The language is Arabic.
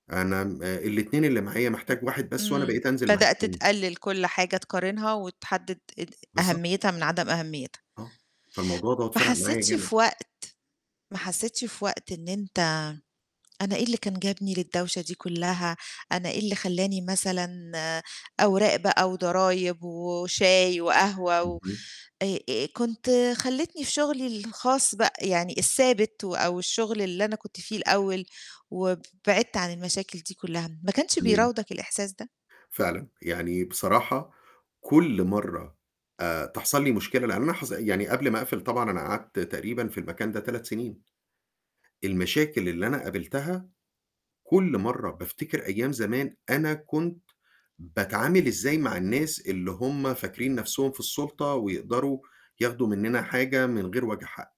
أنا امم الاتنين اللي معايا، محتاج واحد بس، وأنا امم بقيت أنزِل مع بدأت التاني. تقلِّل كُلّ حاجة تقارنها، وتحدد اد بالضبط. أهميتها من عدم أهميتها. آه فالموضوع دوّة ما فرق معايا حسيتش جامد. في وقت ما حسيتش في وقت إن أنت "أنا إيه اللي كان جابني للدوشة دي كُلّها؟ أنا إيه اللي خلّاني مثلًا أوراق بقى وضرايب و وشاي وقهوة و اهم. آآ آآ كنت خلّيتني في شُغلّي الخاص بقى، يعني الثابت و أو الشُّغل اللي أنا كنت فيه الأول، وبعدت عن المشاكل دي كُلّها."، ما كانش تمام. بيراودك الإحساس ده؟ فعلًا، يعني بصراحة كُلّ مَرّة آآ تحصل لي مشكلة، لإن أنا حص يعني قبل ما أقفل طبعًا أنا قعدت تقريبًا في المكان ده 3 سنين. المشاكل اللي أنا قابلتها، كُلّ مَرّة بافتكر أيام زمان، أنا كنت باتعامل إزاي مع الناس اللي هُم فاكرين نَفْسهم في السُلطة، ويقدروا ياخدوا مننا حاجة من غير وجه حق.